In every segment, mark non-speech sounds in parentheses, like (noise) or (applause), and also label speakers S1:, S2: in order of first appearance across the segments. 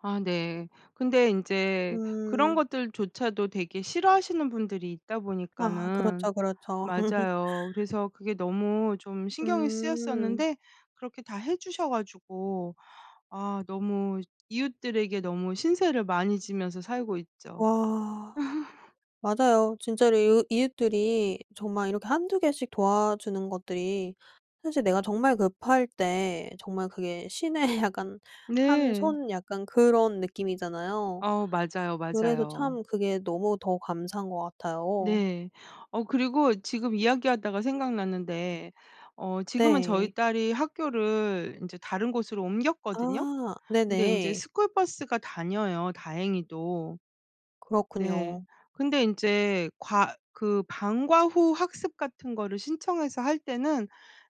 S1: 아 네. 근데 인제 그런
S2: 음.
S1: 것들조차도 되게 싫어하시는 분들이 있다
S2: 아
S1: 보니까는
S2: 그렇죠, 그렇죠. (laughs)
S1: 맞아요 그래서 그게 너무 좀 신경이
S2: 음.
S1: 쓰였었는데 그렇게 다 해 주셔 가지고 아 너무 이웃들에게 너무 신세를 많이 지면서 살고 있죠.
S2: 아.
S1: (laughs)
S2: 맞아요. 진짜로 이웃 이웃들이 정말 이렇게 한두 개씩 도와주는 것들이 사실 내가 정말 급할 때 정말 그게 신의 약간 한
S1: 네.
S2: 손 약간 그런 느낌이잖아요.
S1: 어 맞아요,
S2: 그래서
S1: 맞아요.
S2: 참 그게 너무 더 감사한 것 같아요.
S1: 네. 어 그리고 지금 이야기하다가 생각났는데 어 지금은 저희
S2: 네.
S1: 딸이 학교를 인제 다른 곳으로 옮겼거든요.
S2: 아
S1: 근데 인제
S2: 네네.
S1: 스쿨 버스가 다녀요 다행히도. 네.
S2: 그렇군요.
S1: 근데 인제 과 그 방과 후 학습 같은 거를 신청해서 할 때는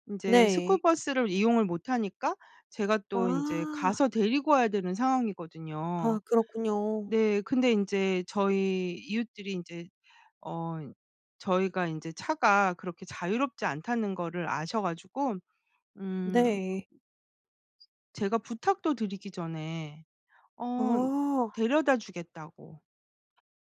S1: 인제 스쿨
S2: 네.
S1: 버스를 이용을 못 하니까 제가 또 인제
S2: 아.
S1: 가서 데리고 와야 되는 상황이거든요.
S2: 아 그렇군요.
S1: 네. 근데 인제 저희 이웃들이 인제 어 저희가 인제 차가 그렇게 자유롭지 않다는 거를 아셔 가지고 음
S2: 네.
S1: 제가 부탁도 드리기 전에 어
S2: 어.
S1: 데려다주겠다고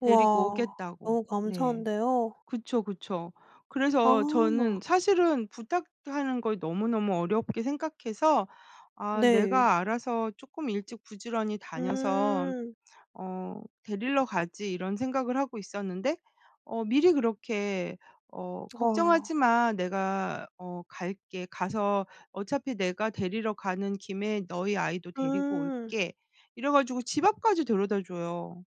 S1: 데리고
S2: 우와
S1: 오겠다고.
S2: 너무
S1: 네.
S2: 감사한데요.
S1: 그쵸, 그쵸. 그래서 저는
S2: 아.
S1: 사실은 부탁하는 걸 너무너무 어렵게 생각해서 '아
S2: 네.
S1: 내가 알아서 쪼끔 일찍 부지런히 다녀서
S2: 음.
S1: 어 데리러 가지.' 이런 생각을 하고 있었는데 어 미리 그렇게 "어 걱정하지
S2: 와.
S1: 마. 내가 어 갈게. 가서 어차피 내가 데리러 가는 김에 너희 아이도 데리고
S2: 음.
S1: 올게." 이래 가지고 집 앞까지 데려다줘요.